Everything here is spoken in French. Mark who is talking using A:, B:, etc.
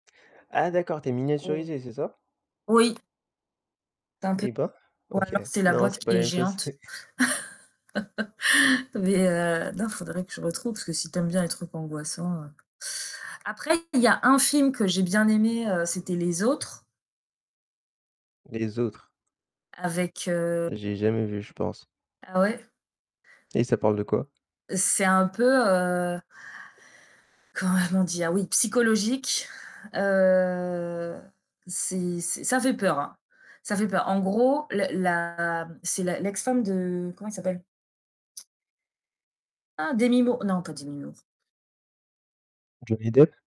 A: Ah, d'accord, tu es
B: [unintelligible]
A: miniaturisée, c'est ça?
B: Oui. C'est un peu,
A: Et ben
B: ou
A: OK.
B: alors c'est la
A: Non,
B: boîte
A: c'est pas
B: qui
A: la
B: est
A: même chose.
B: géante. Mais, heu, non, faudrait que je retrouve parce que si tu aimes bien les trucs angoissants. Après il y a un film que j'ai bien aimé, heu, c'était Les Autres.
A: Les Autres.
B: Avec, heu
A: J'ai jamais vu, je pense.
B: Ah ouais.
A: Et ça parle de quoi?
B: C'est un peu, heu Comment on dit? Ah oui psychologique, heu, c'est c'est ça fait peur, hein, ça fait peur. En gros, la la c'est la l'ex-femme de comment il s'appelle? Ah Demi Moore! Non pas Demi Moore.
A: Johnny Depp?